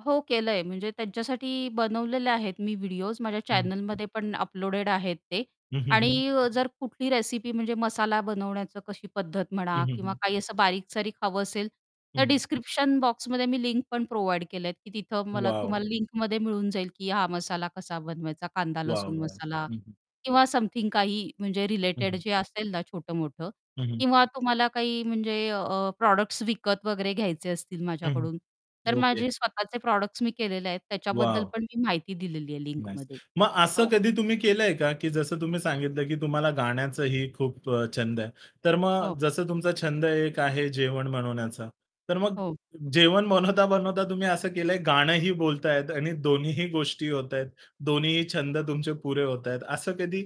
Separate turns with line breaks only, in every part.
हो, केलंय म्हणजे त्यांच्यासाठी बनवलेले आहेत मी व्हिडिओज. माझ्या
हं.
चॅनलमध्ये पण अपलोडेड आहेत ते.
हं, हं, हं.
आणि जर कुठली रेसिपी म्हणजे मसाला बनवण्याचं कशी पद्धत म्हणा
हं, हं,
किंवा
हं.
काही असं बारीक-सारीक हवं असेल, तर
हं.
डिस्क्रिप्शन बॉक्समध्ये मी लिंक पण प्रोव्हाईड केले आहेत, की तिथं मला
वॉव!
तुम्हाला लिंकमध्ये मिळून जाईल, की हा मसाला कसा बनवायचा
वॉव!
कांदा-लसूण
वॉव!
मसाला
हं, हं.
किंवा समथिंग काही म्हणजे
हं,
रिलेटेड
हं.
जे असेल ना छोटं-मोठं
हं, हं.
किंवा तुम्हाला काही म्हणजे अ, प्रॉडक्ट्स विकत वगैरे घ्यायचे असतील
हं, हं.
माझ्याकडून, तर
ओके.
माझे स्वतःचे प्रॉडक्ट्स मी केलेले आहेत. त्याच्याबद्दल
वॉव
पण मी माहिती दिलेली आहे
नाईस.
लिंकमध्ये.
मग असं
हो.
कधी तुम्ही केलंय का की जसं तुम्ही सांगितलं, की तुम्हाला गाण्याचंही खूप अ, छंद आहे. तर
हो.
मग जसं तुमचा छंद एक आहे जेवण बनवण्याचा. तर मग
हो.
जेवण बनवता-बनवता तुम्ही असं केलंय गाणंही बोलतायेत आणि दोन्हीही गोष्टी होत आहेत. दोन्हीही छंद तुमचे पुरे होतायेत असं कधी?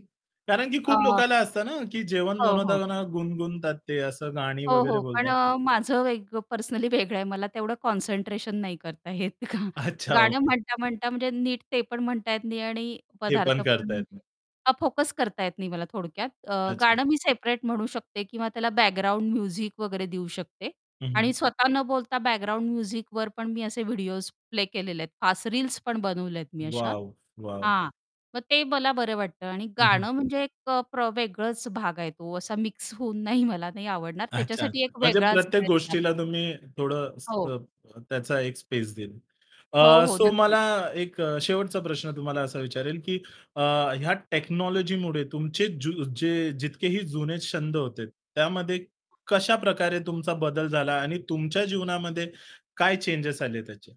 कारण की
अ
खूप लोकांला असतं ना, की जेवण
हो, हो.
बनवता-बनव गुणगुणतात ते असं गाणी
हो,
वगैरे
हो, पण
बोलतात.
अ, माझं वेग पर्सनली वेगळं आहे. मला तेवढं कॉन्सन्ट्रेशन नाही करता येत,
अच्छा,
गाणं
ओके.
म्हणता-म्हणता म्हणजे नीट ते पण म्हणता येत नाही आणि
हे
पदार्थ
पण
पण
करता येत
म्हणजे
नाही.
हा फोकस करता येत नाही, मला थोडक्यात. अ,
अच्छा.
गाणं मी सेपरेट म्हणू शकते किंवा त्याला बॅकग्राऊंड म्युझिक वगैरे देऊ शकते.
हं,
आणि
हं.
स्वतः न बोलता बॅकग्राऊंड म्युझिकवर पण मी असे व्हिडिओस प्ले केलेले आहेत. फास्ट रील्स पण बनवल्यात मी अशा.
वॉव! वॉव!
हां, मग ते मला बरं वाटतं आणि
हं, हं.
गाणं म्हणजे एक प्र वेगळाच भाग आहे तो. असा मिक्स होऊन नाही मला नाही आवडणार,
अच्छा,
त्याच्यासाठी
अच्छा.
एक
म्हणजे
वेगळाच
प्रत्येक
वेळ दिला
गोष्टीला
पाहिजे.
तुम्ही थोडं
हो.
अ, त्याचा एक स्पेस देईल.
हो,
अ,
हो,
सो
नक्कीच.
मला एक शेवटचा प्रश्न तुम्हाला असा विचारेल, की अ, या टेक्नॉलॉजीमुळे तुमचे ज्यु जे जितकेही जुने छंद होते, त्यामध्ये कशाप्रकारे तुमचा बदल झाला आणि तुमच्या जीवनामध्ये काय चेंजेस आले त्याचे